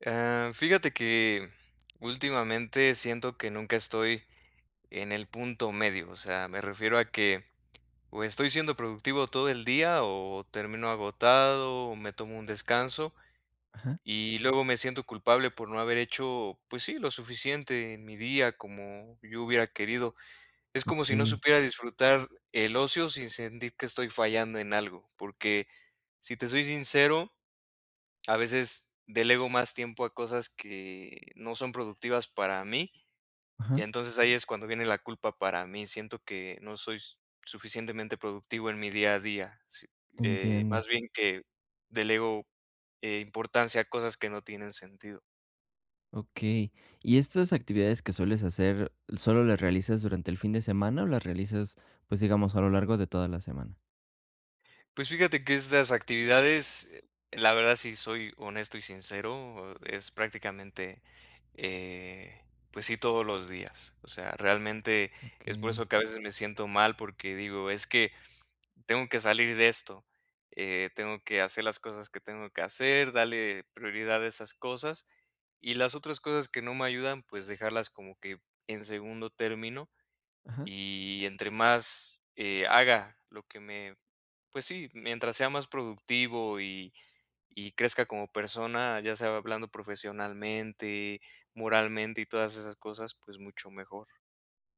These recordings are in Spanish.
Eh, fíjate que últimamente siento que nunca estoy en el punto medio, o sea, me refiero a que, o estoy siendo productivo todo el día, o termino agotado, o me tomo un descanso. Ajá. Y luego me siento culpable por no haber hecho, pues sí, lo suficiente en mi día, como yo hubiera querido. Es como si no Okey. supiera disfrutar el ocio sin sentir que estoy fallando en algo, porque si te soy sincero, a veces delego más tiempo a cosas que no son productivas para mí. Y Ajá. entonces ahí es cuando viene la culpa para mí. Siento que no soy suficientemente productivo en mi día a día, si, eh, Entiendo. más bien que delego, eh, importancia a cosas que no tienen sentido. Okey. Y estas actividades que sueles hacer, ¿solo las realizas durante el fin de semana, o las realizas, pues digamos a lo largo de toda la semana? Pues fíjate que estas actividades, la verdad sí soy honesto y sincero, e es prácticamente, eh, pues sí, todos los días. O sea, realmente es por Okey. eso que a veces me siento mal porque digo: "Es que, tengo que salir de esto". Eh, tengo que hacer las cosas que tengo que hacer, darle prioridad a esas cosas y las otras cosas que no me ayudan, pues dejarlas como que, en segundo término Ajá. y entre más eh, haga lo que me pues sí, mientras sea más productivo y y crezca como persona, ya sea hablando profesionalmente, moralmente y todas esas cosas, pues mucho mejor.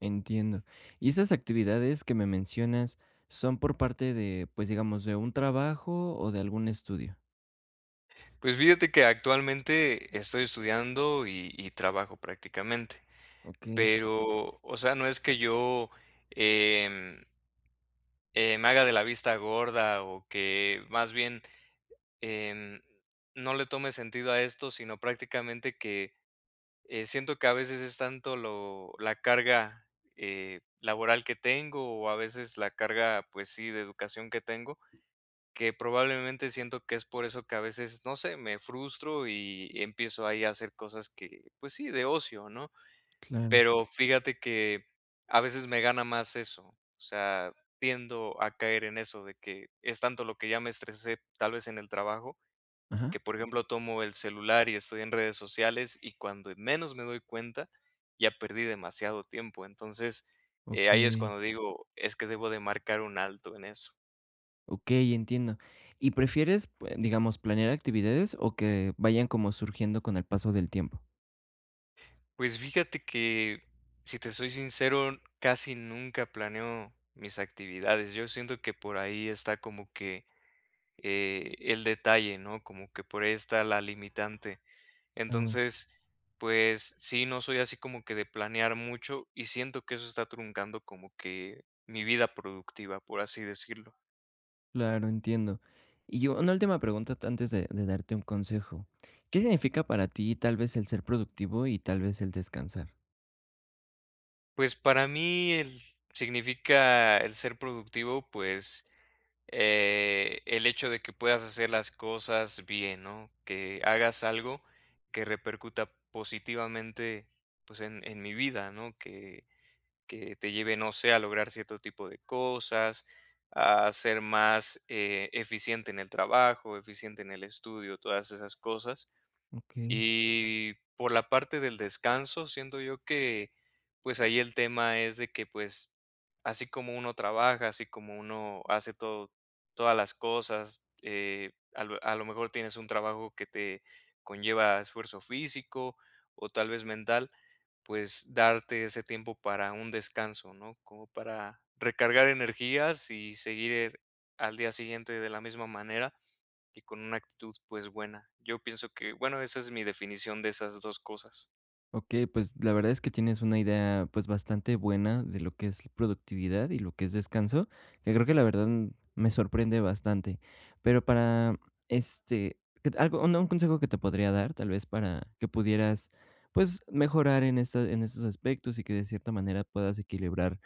Entiendo, y ¿esas actividades que me mencionas son por parte de, pues digamos, de un trabajo o de algún estudio? Pues, fíjate que actualmente estoy estudiando, y y trabajo prácticamente, Okey. pero, o sea, no es que yo, em eh, me haga de la vista gorda o que más bien, em, no le tome sentido a esto, sino prácticamente que, eh, siento que a veces es tanto lo la carga, eh, laboral que tengo o a veces la carga, pues sí, de educación que tengo, que probablemente siento que es por eso que a veces, no sé, me frustro y empiezo ahí a hacer cosas que, pues sí, de ocio, ¿no?, Claro. pero fíjate que a veces me gana más eso, o sea, tiendo a caer en eso de que es tanto lo que ya me estresé, tal vez en el trabajo, Ajá. que, por ejemplo, tomo el celular y estoy en redes sociales, y cuando menos me doy cuenta, ya perdí demasiado tiempo, entonces, eh, ahí es Okey. cuando digo: "Es que debo de marcar un alto en eso". Okey, entiendo. Y prefieres, pue digamos, ¿planear actividades, o que vayan como surgiendo con el paso del tiempo? Pues, fíjate que, si te soy sincero, casi nunca planeo mis actividades. Yo siento que por ahí está como que, eh, el detalle, ¿no? Como que por ahí esta la limitante. Claro. Entonces, pues, sí, no soy así como que de planear mucho, y siento que eso está truncando como que mi vida productiva, por así decirlo. Claro, entiendo. Y una última pregunta antes de de darte un consejo. ¿Qué significa para ti tal vez el ser productivo, y tal vez el descansar? Pues, para mí z significa el ser productivo, pues, eh, el hecho de que puedas hacer las cosas bien, ¿no? Que hagas algo que repercuta positivamente, pues, en en mi vida, ¿no? Que que te lleve, no sé, a lograr cierto tipo de cosas, a ser más, eh, eficiente en el trabajo, eficiente en el estudio, todas esas cosas. Okey. Y por la parte del descanso, siento yo que, pues, ahí el tema es de que, pues, así como uno trabaja, así como uno hace todo, todas las cosas, eh, a lo a lo mejor tienes un trabajo que te conlleva esfuerzo físico, o tal vez mental, pues darte ese tiempo para un descanso, ¿no? Como para recargar energías y seguir al día siguiente de la misma manera y con una actitud pues buena. Yo pienso que bueno, esa es mi definición de esas 2 cosas. Okey, pues, la verdad es que tienes una idea, pues, bastante buena de lo que es productividad, y lo que es descanso, que creo que la verdad me sorprende bastante. Pero para este, q t algo un consejo que te podría dar, tal vez para que pudieras, pues, mejorar en, este en estos aspectos, y que de cierta manera puedas equilibrar,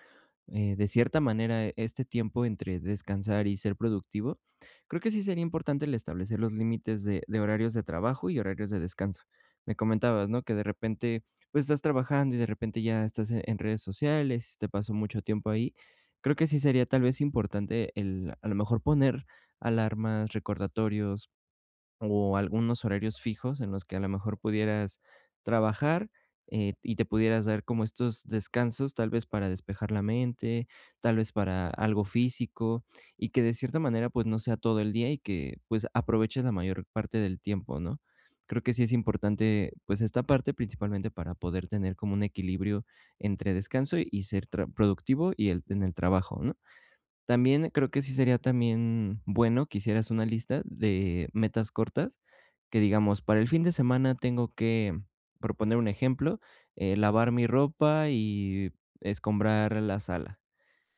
eh, de cierta manera este tiempo entre descansar y ser productivo. Creo que sí sería importante el establecer los límites de de horarios de trabajo y horarios de descanso, me comentabas, ¿no? Que de repente, pues, estás trabajando, y de repente ya estás en redes sociales, se te paso mucho tiempo ahí. Creo que sí sería tal vez importante el a lo mejor poner alarmas, recordatorios, o algunos horarios fijos en los que a lo mejor pudieras trabajar, eh, y te pudieras dar como estos descansos, tal vez para despejar la mente, tal vez para algo físico. Y que de cierta manera, pues, no sea todo el día, y que, pues, aproveches la mayor parte del tiempo, ¿no? Creo que sí es importante, pues, esta parte, principalmente para poder tener como un equilibrio entre descanso, y ser tra productivo, y t en el trabajo, ¿no? También creo que sí sería también bueno, que hicieras una lista de metas cortas que digamos, para el fin de semana tengo que por poner un ejemplo, eh, lavar mi ropa y escombrar la sala.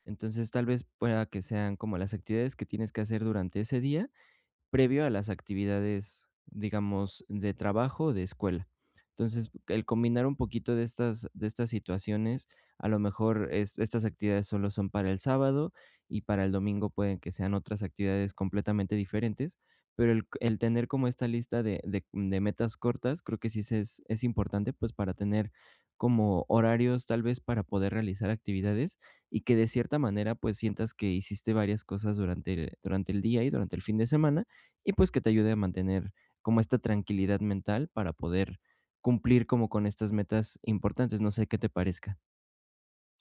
Entonces, tal vez pueda que sean como las actividades que tienes que hacer durante ese día, previo a las actividades, digamos, de trabajo o de escuela. Entonces, el combinar un poquito de estas de estas situaciones, a lo mejor es estas actividades solo son para el sábado, y para el domingo pueden que sean otras actividades completamente diferentes, pero el el tener como esta lista de de de metas cortas, creo que sí se es es importante, pues, para tener como horarios, tal vez para poder realizar actividades, y que de cierta manera, pues, sientas que hiciste varias cosas durante durante el día, y durante el fin de semana. Y pues que te ayude a mantener como esta tranquilidad mental para poder cumplir como con estas metas importantes. No sé qué te parezca.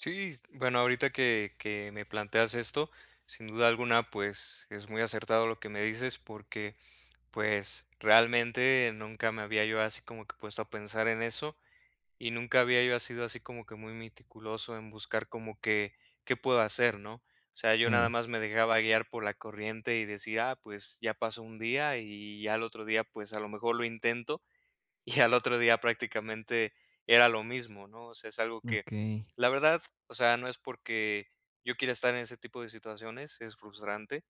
Sí, bueno, ahorita que que me planteas esto, sin duda alguna, pues, es muy acertado lo que me dices porque, pues, realmente nunca me había yo así como que puesto a pensar en eso, y nunca había yo asido así como que muy meticuloso en buscar como qué qué puedo hacer, ¿no?, o sea, yo nada Claro. más me dejaba guiar por la corriente y decía, ah, pues ya pasó 1 día y ya el otro día, pues a lo mejor lo intento, y al otro día prácticamente era lo mismo, ¿no?, o sea, es algo que, Okey. la verdad, o sea, no es porque yo quiera estar en ese tipo de situaciones, es frustrante,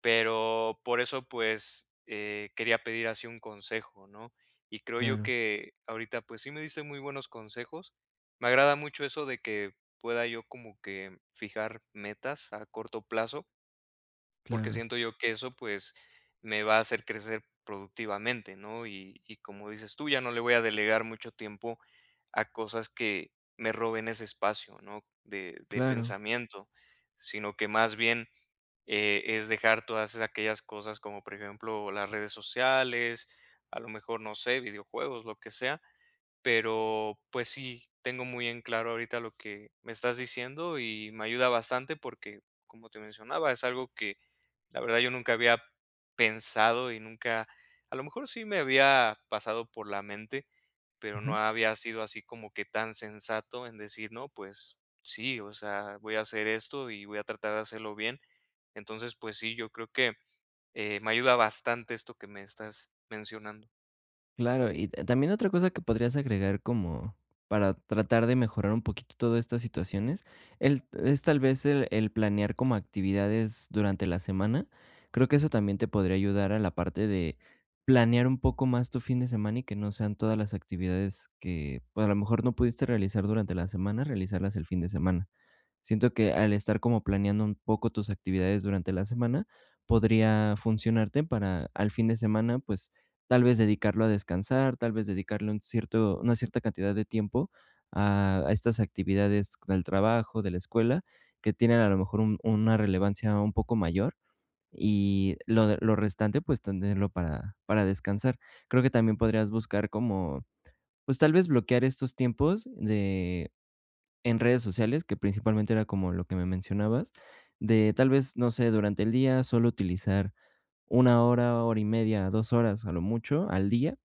pero, por eso, pues, eh, quería pedir así un consejo, ¿no?, y creo yo Claro. que ahorita pues sí me diste muy buenos consejos, me agrada mucho eso de que pueda yo como que fijar metas a corto plazo porque Claro. siento yo que eso, pues, me va a hacer crecer productivamente, ¿no?, y y como dices tú: "Ya no le voy a delegar mucho tiempo a cosas que me roben ese espacio", ¿no?, de de Claro. pensamiento, sino que más bien, eh, es dejar todas es aquellas cosas como por ejemplo, las redes sociales, a lo mejor, no sé, videojuegos, lo que sea, pero, pues sí, tengo muy en claro ahorita lo que me estás diciendo, y me ayuda bastante porque, como te mencionaba, es algo que la verdad, yo nunca había pensado y nunca, a lo mejor sí me había pasado por la mente, pero no Ajá. había sido así como que tan sensato en decir: "No, pues sí, o sea, voy a hacer esto, y voy a tratar de hacerlo bien". Entonces, pues sí, yo creo que, eh, me ayuda bastante esto que me estás mencionando. Claro, y t también otra cosa que podrías agregar como para tratar de mejorar un poquitito todas estas situaciones, el es tal vez el el planear como actividades durante la semana. Creo que eso también te podría ayudar a la parte de planear un poco más tu fin de semana, y que no sean todas las actividades que, pues, a lo mejor no pudiste realizar durante la semana realizarlas el fin de semana. Siento que al estar como planeando un poco tus actividades durante la semana podría funcionarte para al fin de semana, pues, tal vez dedicarlo a descansar, tal vez dedicarle un cierto una cierta cantidad de tiempo a a estas actividades del trabajo, de la escuela, que tienen a lo mejor un una relevancia un poco mayor, y lo lo restante, pues, tenerlo para para descansar. Creo que también podrías buscar como, pues tal vez bloquear estos tiempos de en redes sociales, que principalmente era como lo que me mencionabas, de tal vez, no sé, durante el día solo utilizar 1 hora, hora y media, 2 horas, a lo mucho al día,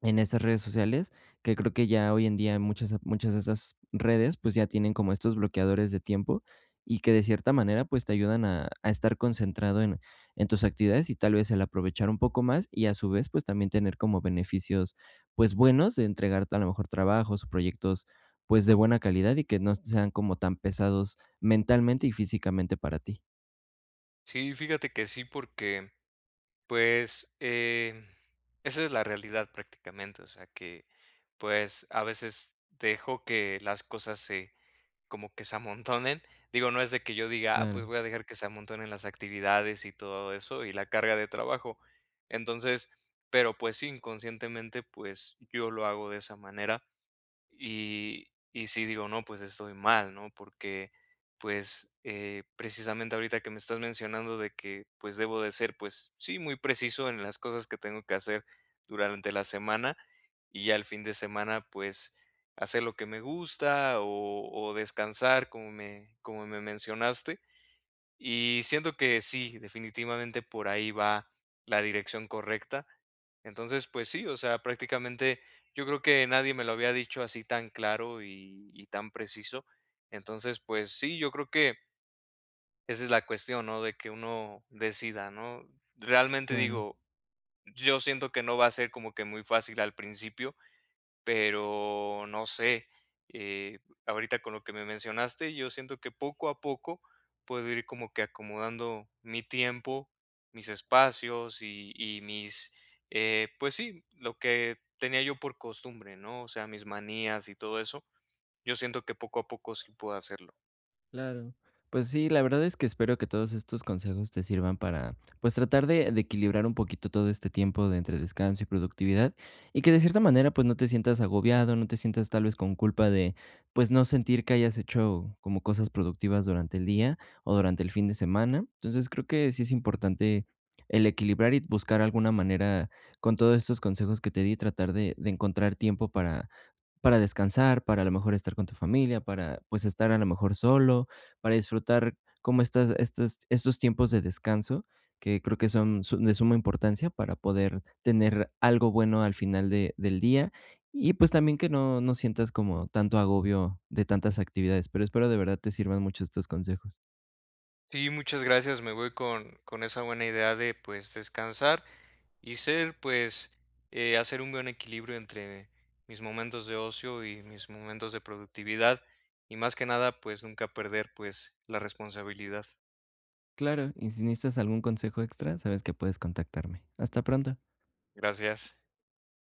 en estas redes sociales, que creo que ya hoy en día muchas, muchas de esas redes, pues, ya tienen como estos bloqueadores de tiempo. Y que de cierta manera, pues, te ayudan a a estar concentrado en en tus actividades, y tal vez el aprovechar un poco más, y a su vez, pues también tener como beneficios, pues, buenos de entregarte a lo mejor trabajos o proyectos, pues, de buena calidad, y que no sean como tan pesados mentalmente y físicamente para ti. Sí, fíjate que sí, porque, pues, eh, esa es la realidad prácticamente, o sea que, pues a veces dejo que las cosas se como que se amontonen. Digo, no es de que yo diga: "Ah, pues Claro. voy a dejar que se amontonen las actividades, y todo eso, y la carga de trabajo". Entonces, pero pues sí, inconscientemente, pues yo lo hago de esa manera. Y y sí digo: "No, pues estoy mal, ¿no?". Porque, pues, eh, precisamente ahorita que me estás mencionando de que, pues, debo de ser, pues, sí, muy preciso en las cosas que tengo que hacer durante la semana, y ya el fin de semana, pues, hacer lo que me gusta, o o descansar como me como me mencionaste, y siento que sí, definitivamente por ahí va la dirección correcta. Entonces, pues sí, o sea, prácticamente yo creo que nadie me lo había dicho así tan claro y y tan preciso. Entonces, pues sí, yo creo que esa es la cuestión, ¿no? De que uno decida, ¿no? Realmente Claro. digo, yo siento que no va a ser como que muy fácil al principio, pero no sé, eh, b ahorita con lo que me mencionaste, yo siento que poco a poco puedo ir como que acomodando mi tiempo, mis espacios, y y mis eh, pues sí, lo que tenía yo por costumbre, ¿no? O sea, mis manías y todo eso, yo siento que poco a poco sí puedo hacerlo. Claro, pues sí, la verdad es que espero que todos estos consejos te sirvan para, pues, tratar de de equilibrar un poquito todo este tiempo de entre descanso y productividad, y que de cierta manera, pues, no te sientas agobiado, no te sientas tal vez con culpa de, pues, no sentir que hayas hecho como cosas productivas durante el día, o durante el fin de semana, entonces, creo que sí es importante el equilibrar y buscar alguna manera con todos estos consejos que te di, tratar de de encontrar tiempo para para descansar, para a lo mejor estar con tu familia, para, pues, estar a lo mejor solo, para disfrutar como estas estas estos tiempos de descanso, que creo que son su de suma importancia para poder tener algo bueno al final de del día y pues también que no no sientas como tanto agobio de tantas actividades, pero espero de verdad te sirvan mucho estos consejos. Sí, muchas gracias, me voy con con esa buena idea de, pues, descansar y ser pues, eh, hacer un buen equilibrio entre mis momentos de ocio y mis momentos de productividad, y más que nada, pues nunca perder, pues, la responsabilidad. Claro, y si necesitas algún consejo extra, sabes que puedes contactarme, hasta pronto. Gracias.